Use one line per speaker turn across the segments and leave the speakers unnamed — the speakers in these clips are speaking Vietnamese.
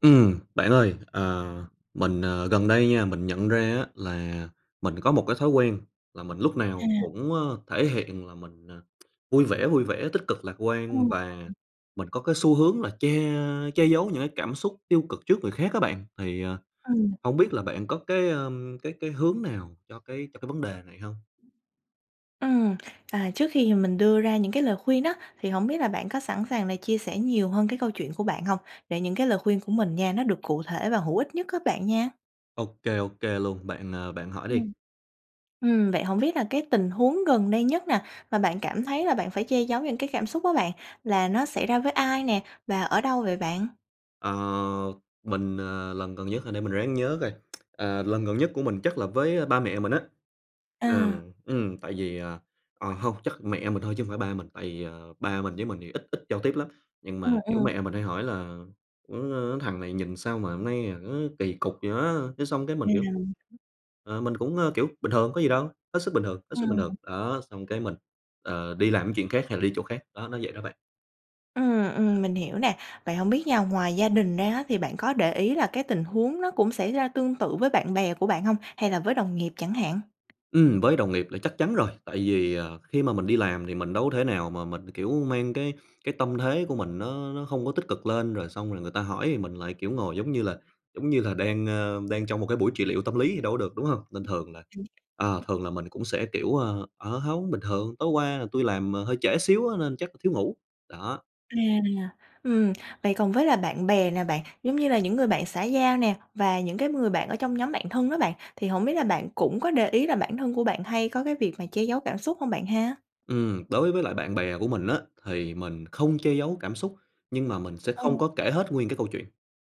Ừm, bạn ơi, ờ, mình, ờ, gần đây nha, mình nhận ra á, là mình có một cái thói quen là mình lúc nào
À.
cũng thể hiện là mình, à, vui vẻ, vui vẻ tích cực lạc quan
Ừm.
và mình có cái xu hướng là che che giấu những cái cảm xúc tiêu cực trước người khác á bạn, thì, ờ,
Ừ, mình
hông
hiểu.
biết là bạn có cái, ờ, cái cái hướng nào cho cái cho cái vấn đề này hông?
Ừm, à, trước khi, ừm, mình đưa ra những cái lời khuyên đó, thì hổng biết là bạn có sẵn sàng là chia sẻ nhiều hơn cái câu chuyện của bạn hông? Để những cái lời khuyên của mình nha, nó được cụ thể và hữu ích nhất á bạn nha.
Ô kê, ô kê luôn, bạn, ờ, bạn hỏi đi.
Ừm. Ừm, vậy hổng biết là cái tình huống gần đây nhất nè, mà bạn cảm thấy là bạn phải che giấu những cái cảm xúc á bạn, là nó xảy ra với ai nè, và ở đâu vậy bạn?
Ờ, mình, ờ, lần gần nhất hả? Để mình ráng nhớ coi, ờ, lần gần nhất của mình chắc là với ba mẹ mình á. Là,
À.
ừm, tại vì à, ờ, hông chắc mẹ mình thôi chứ hông phải ba mình, tại vì, ờ, ba mình với mình thì ít ít giao tiếp lắm. Nhưng
Ờ,
mà kiểu
ừm.
mẹ mình hay hỏi là: "Ng thằng này nhìn sao mà hôm nay, à, nó kỳ cục vậy á?" Thế xong cái
À,
mình
mình
kiểu
hiểu.
ờ, mình cũng, ờ, kiểu: bình thường, có gì đâu, hết sức bình thường, hết sức bình thường.
Ừm.
Đó, xong cái mình, ờ, đi làm cái chuyện khác hay là đi chỗ khác, đó nó vậy đó bạn.
Ừm, ừm, mình hiểu nè. Vậy hổng biết nha, ngoài gia đình ra á, thì bạn có để ý là cái tình huống nó cũng xảy ra tương tự với bạn bè của bạn hông hay là với đồng nghiệp chẳng hạn?
Ừm, với đồng nghiệp là chắc chắn rồi, tại vì, à, khi mà mình đi làm thì mình đâu có thể nào mà mình, kiểu, mang cái cái tâm thế của mình nó nó không có tích cực lên, rồi xong rồi người ta hỏi thì mình lại kiểu ngồi giống như là giống như là đang, ơ, đang trong một cái buổi trị liệu tâm lý thì đâu có được, đúng hông? Nên thường là ờ,
[unintelligible]
thường là mình cũng sẽ kiểu, ơ: "Ờ, hông bình thường! Tối qua là tui làm, à, hơi trễ xíu á nên chắc là thiếu ngủ", đó.
À, ừm, vậy còn với là bạn bè nè bạn, giống như là những người bạn xã giao nè và những cái người bạn ở trong nhóm bạn thân đó bạn, thì hổng biết là bạn cũng có để ý là bản thân của bạn hay có cái việc mà che giấu cảm xúc hông bạn ha?
Ừm, đối với lại bạn bè của mình á thì mình không che giấu cảm xúc, nhưng mà mình sẽ
Ờ.
không có kể hết nguyên cái câu chuyện.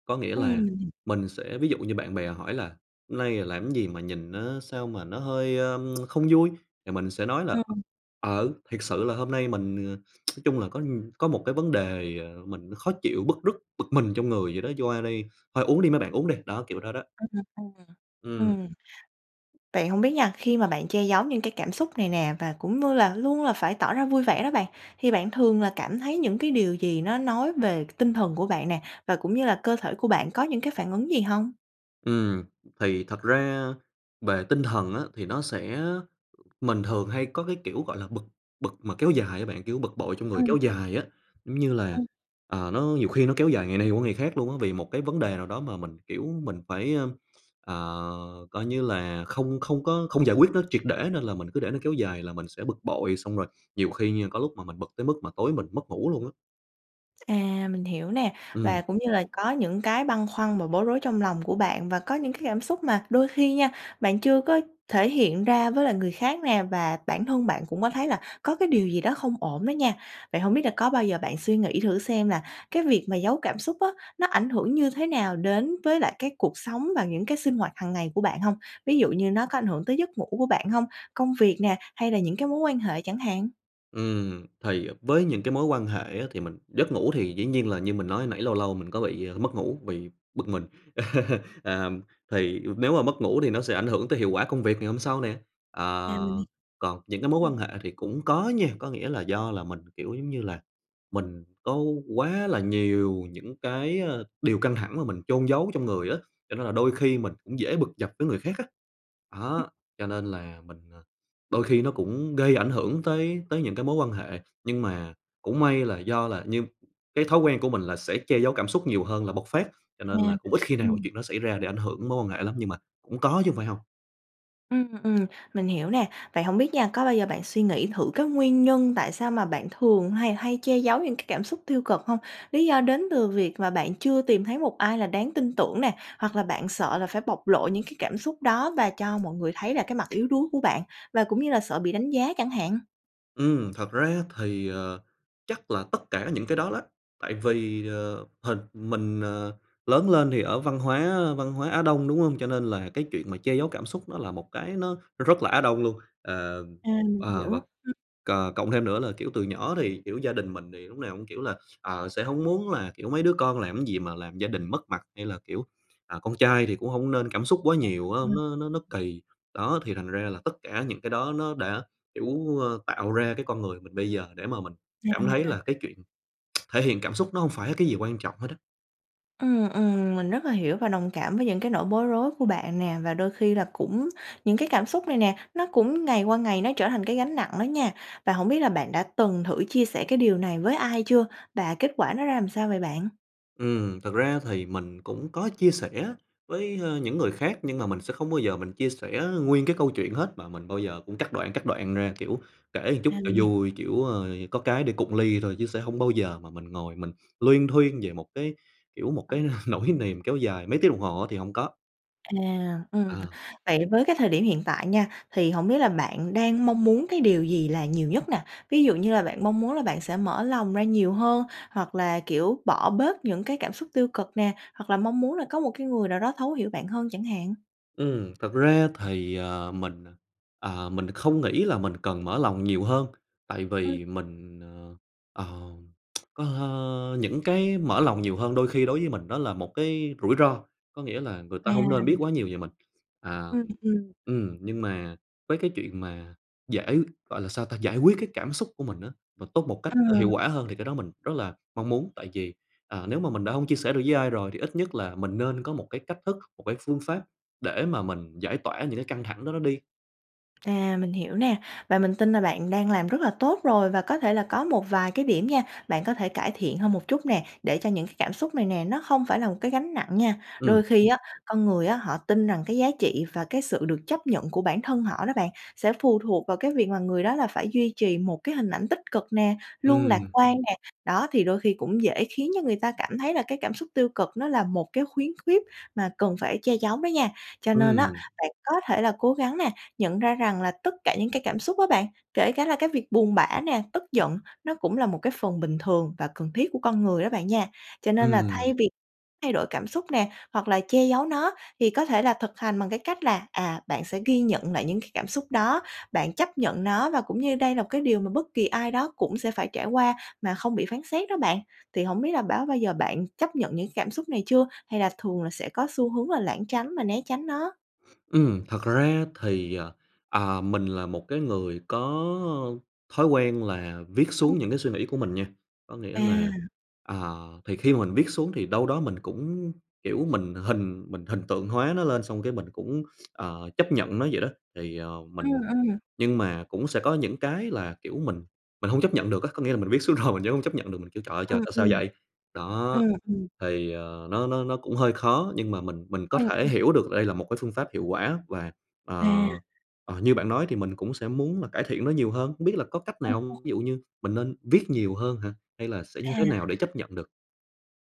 Có nghĩa là
Ừm.
mình sẽ ví dụ như bạn bè hỏi là: "Hôm nay, ờ, làm cái gì mà nhìn nó sao mà nó hơi, ơ, không vui?" thì mình sẽ nói là:
Ừm.
"Ờ, thiệt sự là hôm nay mình ờ, nói chung là có nh có một cái vấn đề, ờ, mình khó chịu, bứt rứt, bực mình trong người vậy đó, cho qua đi. Thôi uống đi mấy bạn, uống đi!", đó, kiểu đó đó.
Ừm, ừm.
Ừm.
Ừm. Vậy hổng biết nha, khi mà bạn che giấu những cái cảm xúc này nè và cũng như là luôn là phải tỏ ra vui vẻ đó bạn thì bạn thường là cảm thấy những cái điều gì nó nói về tinh thần của bạn nè, và cũng như là cơ thể của bạn có những cái phản ứng gì hông?
Ừm, thì thật ra, về tinh thần á, thì nó sẽ mình thường hay có cái kiểu gọi là bực, bực mà kéo dài á bạn, kiểu bực bội trong người
Ừm,
kéo
ừm.
dài á. Giống như là,
Ừm.
ờ, nó nhiều khi nó kéo dài ngày này qua ngày khác luôn á vì một cái vấn đề nào đó mà mình, kiểu, mình phải, ơ, ờ, coi như là không không có không giải quyết nó triệt để nên là mình cứ để nó kéo dài là mình sẽ bực bội. Xong rồi nhiều khi nha, có lúc mà mình bực tới mức mà tối mình mất ngủ luôn á.
À, mình hiểu nè. Và
Ừm.
cũng như là có những cái băn khoăn và bối rối trong lòng của bạn, và có những cái cảm xúc mà đôi khi nha, bạn chưa có thể hiện ra với lại người khác nè, và bản thân bạn cũng có thấy là có cái điều gì đó không ổn đó nha. Vậy hổng biết là có bao giờ bạn suy nghĩ thử xem là cái việc mà giấu cảm xúc á, nó ảnh hưởng như thế nào đến với lại cái cuộc sống và những cái sinh hoạt hàng ngày của bạn hông? Ví dụ như nó có ảnh hưởng tới giấc ngủ của bạn hông, công việc nè, hay là những cái mối quan hệ chẳng hạn?
Ừm, thì với những cái mối quan hệ á, thì mình giấc ngủ thì dĩ nhiên là như mình nói hồi nãy, lâu lâu mình có bị, ơ, mất ngủ, bị bực mình. À, thì nếu mà mất ngủ thì nó sẽ ảnh hưởng tới hiệu quả công việc ngày hôm sau nè.
À mình hỉ
Ờ, còn những cái mối quan
Ừm.
hệ thì cũng có nha. Có nghĩa là do là mình kiểu giống như là mình có quá là nhiều những cái, ơ, điều căng thẳng mà mình chôn giấu trong người á, cho nên là đôi khi mình cũng dễ bực dọc với người khác á.
Ừm.
Đó, cho nên là mình, à đôi khi nó cũng gây ảnh hưởng tới tới những cái mối quan hệ. Nhưng mà cũng may là do là như cái thói quen của mình là sẽ che giấu cảm xúc nhiều hơn là bộc phát, cho
À,
nên là cũng ít khi nào cái
ừm.
chuyện đó xảy ra để ảnh hưởng mối quan hệ lắm. Nhưng mà cũng có chứ hông phải hông.
Ừm, ừm. Mình hiểu nè. Vậy hổng biết nha, có bao giờ bạn suy nghĩ thử cái nguyên nhân tại sao mà bạn thường hay hay che giấu những cái cảm xúc tiêu cực hông? Lý do đến từ việc mà bạn chưa tìm thấy một ai là đáng tin tưởng nè, hoặc là bạn sợ là phải bộc lộ những cái cảm xúc đó, và cho mọi người thấy là cái mặt yếu đuối của bạn, và cũng như là sợ bị đánh giá chẳng hạn.
Ừm, thật ra thì, ờ, chắc là tất cả những cái đó đó. Tại vì ờ hịch mình, ờ, lớn lên thì ở văn hóa văn hóa Á Đông, đúng hông? Cho nên là cái chuyện mà che giấu cảm xúc nó là một cái nó nó rất là Á Đông luôn. Ờ,
À, mình
ờ
hiểu.
và
Ừ
c cộng thêm nữa là kiểu từ nhỏ thì, kiểu, gia đình mình thì lúc nào cũng, kiểu là, ờ, sẽ hông muốn là, kiểu, mấy đứa con làm cái gì mà làm gia đình mất mặt, hay là kiểu, à, con trai thì cũng hông nên cảm xúc quá nhiều á, nó nó nó
[unintelligible]
kỳ. Đó, thì thành ra là tất cả những cái đó nó đã, kiểu ờ, tạo ra cái con người mình bây giờ để mà mình cảm thấy là
À.
cái chuyện thể hiện cảm xúc nó không phải cái gì quan trọng hết á.
Ừm, ừm. Mình rất là hiểu và đồng cảm với những cái nỗi bối rối của bạn nè. Và đôi khi là cũng những cái cảm xúc này nè, nó cũng ngày qua ngày nó trở thành cái gánh nặng đó nha. Và hổng biết là bạn đã từng thử chia sẻ cái điều này với ai chưa, và kết quả nó ra làm sao vậy bạn?
Ừm, thật ra thì mình cũng có chia sẻ với, ơ, những người khác, nhưng mà mình sẽ không bao giờ mình chia sẻ nguyên cái câu chuyện hết. Mà mình bao giờ cũng cắt đoạn, cắt đoạn ra, kiểu, kể một chút
À,
cho
mình hiể
vui, kiểu, ơ, có cái để cụng ly thôi, chứ sẽ hông bao giờ mà mình ngồi mình luyên thuyên về một cái, kiểu, một
Ừ.
cái nỗi niềm kéo dài mấy tiếng đồng hồ á, thì hổng có.
À, ừm.
Ờ.
Vậy với cái thời điểm hiện tại nha, thì hổng biết là bạn đang mong muốn cái điều gì là nhiều nhất nè? Ví dụ như là bạn mong muốn là bạn sẽ mở lòng ra nhiều hơn, hoặc là, kiểu, bỏ bớt những cái cảm xúc tiêu cực nè, hoặc là mong muốn là có một cái người nào đó thấu hiểu bạn hơn chẳng hạn?
Ừm, thật ra thì, ờ, mình, ờ, mình không nghĩ là mình cần mở lòng nhiều hơn. Tại
Ừ.
vì mình, ờ, ờ, có hơ những cái mở lòng nhiều hơn đôi khi, đối với mình, đó là một cái rủi ro. Có nghĩa là người
À,
ta hông nên
mình
biết quá nhiều về mình. À
h ừm, ừm.
ừm, nhưng mà với cái chuyện mà giải gọi là sao ta, giải quyết cái cảm xúc của mình á, và tốt một cách, ơ, hiệu
Ừm.
quả hơn, thì cái đó mình rất là mong muốn. Tại vì, à, nếu mà mình đã hông chia sẻ được với ai rồi thì ít nhất là mình nên có một cái cách thức, một cái phương pháp để mà mình giải tỏa những cái căng thẳng đó nó đi.
À, mình hiểu nè, và mình tin là bạn đang làm rất là tốt rồi. Và có thể là có một vài cái điểm nha, bạn có thể cải thiện hơn một chút nè, để cho những cái cảm xúc này nè nó không phải là một cái gánh nặng nha.
Ừm.
Đôi khi á, con người á họ tin rằng cái giá trị và cái sự được chấp nhận của bản thân họ đó bạn, sẽ phù thuộc vào cái việc mà người đó là phải duy trì một cái hình ảnh tích cực nè, luôn lạc
Ừm.
quan nè. Đó, thì đôi khi cũng dễ khiến cho người ta cảm thấy là cái cảm xúc tiêu cực nó là một cái khuyến khuyết mà cần phải che giấu đó nha. Cho nên á
Ừm.
bạn có thể là cố gắng nè, nhận ra rằng là tất cả những cái cảm xúc á bạn, kể cả là cái việc buồn bã nè, tức giận, nó cũng là một cái phần bình thường và cần thiết của con người đó bạn nha. Cho nên là thay
Ừm.
vì thay đổi cảm xúc nè, hoặc là che giấu nó thì có thể là thực hành bằng cái cách là, à, bạn sẽ ghi nhận lại những cái cảm xúc đó, bạn chấp nhận nó và cũng như đây là một cái điều mà bất kỳ ai đó cũng sẽ phải trải qua mà không bị phán xét đó bạn. Thì hổng biết là báo bao giờ bạn chấp nhận những cảm xúc này chưa, hay là thường là sẽ có xu hướng là lảng tránh và né tránh nó?
Ừm, thật ra thì, ờ, à, mình là một cái người có thói quen là viết
Ừm.
xuống những cái suy nghĩ của mình nha. Có nghĩa là,
À.
à thì khi mà mình viết xuống thì đâu đó mình cũng, kiểu, mình hình mình hình tượng hóa nó lên, xong cái mình cũng, ờ, chấp nhận nó vậy đó. Thì, ờ,
Ừm,
mình
ừm.
nhưng mà cũng sẽ có những cái là, kiểu, mình mình hông chấp nhận được á. Có nghĩa là mình viết xuống rồi, mình vẫn hông chấp nhận được, kiểu: "Trời ơi, trời!
Ừm,
Tại sao
ừm.
vậy?" Đó!
Ừm, ừm.
Thì, ờ, nó nó nó cũng hơi khó, nhưng mà mình mình có
Ừm,
thể
ừm.
hiểu được đây là một cái phương pháp hiệu quả và, ờ,
À.
ờ, như bạn nói thì mình cũng sẽ muốn là cải thiện nó nhiều hơn. Hông biết là có cách
Ừm,
nào hông? Ví
ừm.
dụ như mình nên viết nhiều hơn hả? Hay là sẽ như
À.
thế nào để chấp nhận được?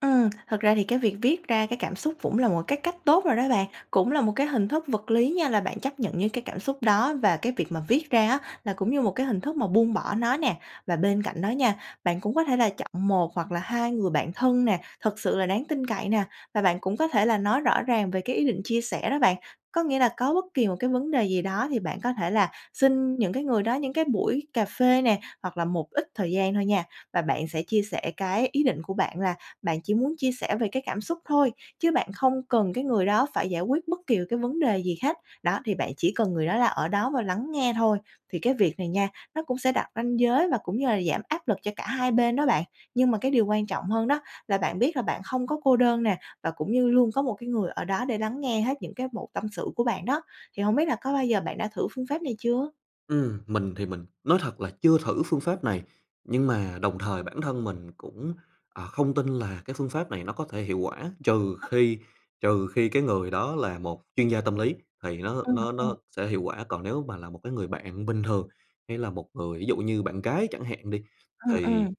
Ừm, thật ra thì cái việc viết ra cái cảm xúc cũng là một cái cách tốt rồi đó bạn, cũng là một cái hình thức vật lý nha, là bạn chấp nhận những cái cảm xúc đó. Và cái việc mà viết ra á là cũng như một cái hình thức mà buông bỏ nó nè. Và bên cạnh đó nha, bạn cũng có thể là chọn 1 hoặc là 2 người bạn thân nè, thật sự là đáng tin cậy nè, và bạn cũng có thể là nói rõ ràng về cái ý định chia sẻ đó bạn. Có nghĩa là có bất kỳ một cái vấn đề gì đó thì bạn có thể là xin những cái người đó những cái buổi cà phê nè, hoặc là một ít thời gian thôi nha. Và bạn sẽ chia sẻ cái ý định của bạn là bạn chỉ muốn chia sẻ về cái cảm xúc thôi, chứ bạn không cần cái người đó phải giải quyết bất kỳ cái vấn đề gì khác. Đó, thì bạn chỉ cần người đó là ở đó và lắng nghe thôi. Thì cái việc này nha, nó cũng sẽ đặt ranh giới và cũng như là giảm áp lực cho cả hai bên đó bạn. Nhưng mà cái điều quan trọng hơn đó là bạn biết là bạn không có cô đơn nè, và cũng như luôn có một cái người ở đó để lắng nghe hết những cái mẩu tâm sự của bạn đó. Thì hông biết là có bao giờ bạn đã thử phương pháp này chưa?
Ừm, mình thì mình nói thật là chưa thử phương pháp này nhưng mà đồng thời bản thân mình cũng, ờ, không tin là cái phương pháp này nó có thể hiệu quả; trừ
Ờ
khi trừ khi cái người đó là một chuyên gia tâm lý thì nó
Ờ,
nó
ờ.
nó sẽ hiệu quả. Còn nếu mà là một cái người bạn bình thường, hay là một người ví dụ như bạn gái chẳng hạn đi,
Ừm,
thì
ừm.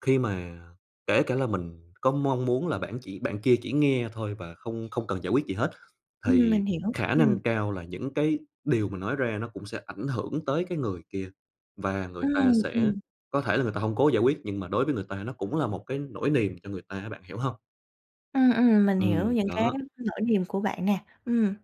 khi mà kể cả là mình có mong muốn là bạn chỉ bạn kia chỉ nghe thôi và không không cần giải quyết gì hết,
Ừm,
thì
mình hiểu,
khả năng
ừm.
cao là những cái điều mình nói ra nó cũng sẽ ảnh hưởng tới cái người kia. Và người ta
Ừm, ừm.
sẽ có thể là người ta hông cố giải quyết, nhưng mà đối với người ta nó cũng là một cái nỗi niềm cho người ta á, bạn hiểu hông?
Ừm, ừm, mình hiểu
Ừm,
những cái
đó.
nỗi niềm của bạn nè. Ừm.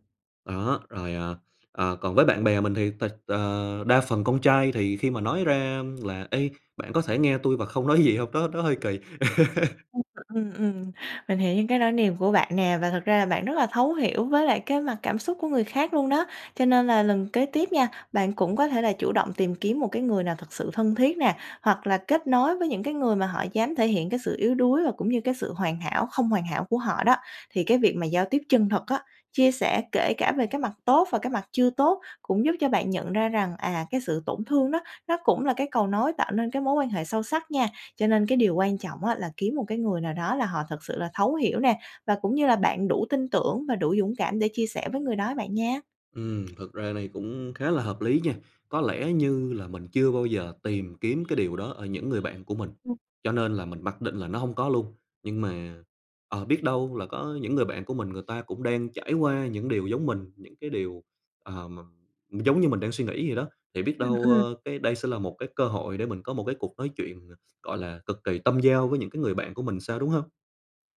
Đó, rồi, ờ, ờ, còn với bạn bè mình thì thật ờ, đa phần con trai thì khi mà nói ra là "Ê, bạn có thể nghe tui và không nói gì hông?" Đó, nó hơi kỳ.
Ừm, ừm, ừm, mình hiểu những cái nỗi niềm của bạn nè, và thực ra là bạn rất là thấu hiểu với lại cái mặt cảm xúc của người khác luôn đó. Cho nên là lần kế tiếp nha, bạn cũng có thể là chủ động tìm kiếm một cái người nào thực sự thân thiết nè, hoặc là kết nối với những cái người mà họ dám thể hiện cái sự yếu đuối và cũng như cái sự hoàn hảo không hoàn hảo của họ đó. Thì cái việc mà giao tiếp chân thực á, chia sẻ kể cả về cái mặt tốt và cái mặt chưa tốt, cũng giúp cho bạn nhận ra rằng, à, cái sự tổn thương đó, nó cũng là cái cầu nối tạo nên cái mối quan hệ sâu sắc nha. Cho nên cái điều quan trọng á, là kiếm một cái người nào đó là họ thật sự là thấu hiểu nè, và cũng như là bạn đủ tin tưởng và đủ dũng cảm để chia sẻ với người đó, bạn nha.
Ừm, thật ra này cũng khá là hợp lý nha, có lẽ như là mình chưa bao giờ tìm kiếm cái điều đó ở những người bạn của mình,
Ừm.
cho nên là mình mặc định là nó hông có luôn. Nhưng mà, ờ, biết đâu là có những người bạn của mình, người ta cũng đang trải qua những điều giống mình, những cái điều, ờ, mà giống như mình đang suy nghĩ vậy đó, thì biết
Ừm,
đâu,
ừm.
ơ, cái đây sẽ là một cái cơ hội để mình có một cái cuộc nói chuyện ng gọi là, cực kỳ tâm giao với những cái người bạn của mình sao, đúng hông?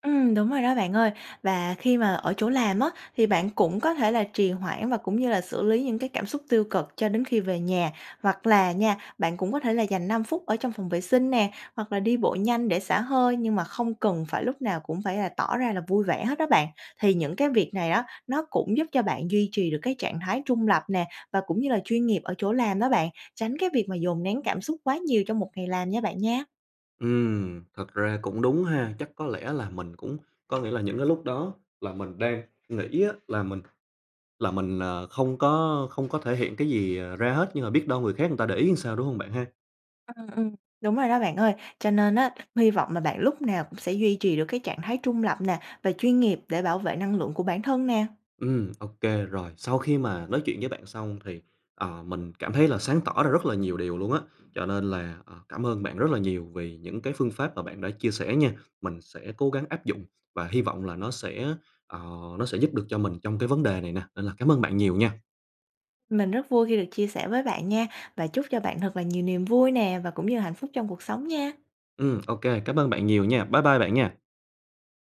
Ừm, đúng rồi đó bạn ơi. Và khi mà ở chỗ làm á, thì bạn cũng có thể là trì hoãn và cũng như là xử lý những cái cảm xúc tiêu cực cho đến khi về nhà. Hoặc là nha bạn cũng có thể là dành 5 phút ở trong phòng vệ sinh nè, hoặc là đi bộ nhanh để xả hơi, nhưng mà không cần phải lúc nào cũng phải là tỏ ra là vui vẻ hết đó bạn. Thì những cái việc này đó, nó cũng giúp cho bạn duy trì được cái trạng thái trung lập nè, và cũng như là chuyên nghiệp ở chỗ làm đó bạn. Tránh cái việc mà dồn nén cảm xúc quá nhiều trong một ngày làm nha bạn nha.
Ừm, thật ra cũng đúng ha. Chắc có lẽ là mình cũng có nghĩa là những cái lúc đó là mình đang nghĩ á là mình là mình, ờ, không có không có thể hiện cái gì ra hết nhưng mà biết đâu người khác người ta để ý làm sao, đúng hông bạn ha?
Ừm, ừm, đúng rồi đó bạn ơi. Cho nên á, hy vọng là bạn lúc nào cũng sẽ duy trì được cái trạng thái trung lập nè, và chuyên nghiệp để bảo vệ năng lượng của bản thân nè.
Ừm, ô kê, rồi. Sau khi mà nói chuyện với bạn xong thì, ờ, mình cảm thấy là sáng tỏ ra rất là nhiều điều luôn á. Cho nên là, ờ, cảm ơn bạn rất là nhiều vì những cái phương pháp mà bạn đã chia sẻ nha. Mình sẽ cố gắng áp dụng và hy vọng là nó sẽ, ờ, nó sẽ giúp được cho mình trong cái vấn đề này nè, nên là cảm ơn bạn nhiều nha.
Mình rất vui khi được chia sẻ với bạn nha, và chúc cho bạn thật là nhiều niềm vui nè và cũng như hạnh phúc trong cuộc sống nha!
Ừm, ô kê, cảm ơn bạn nhiều nha! Bái bai bạn nha!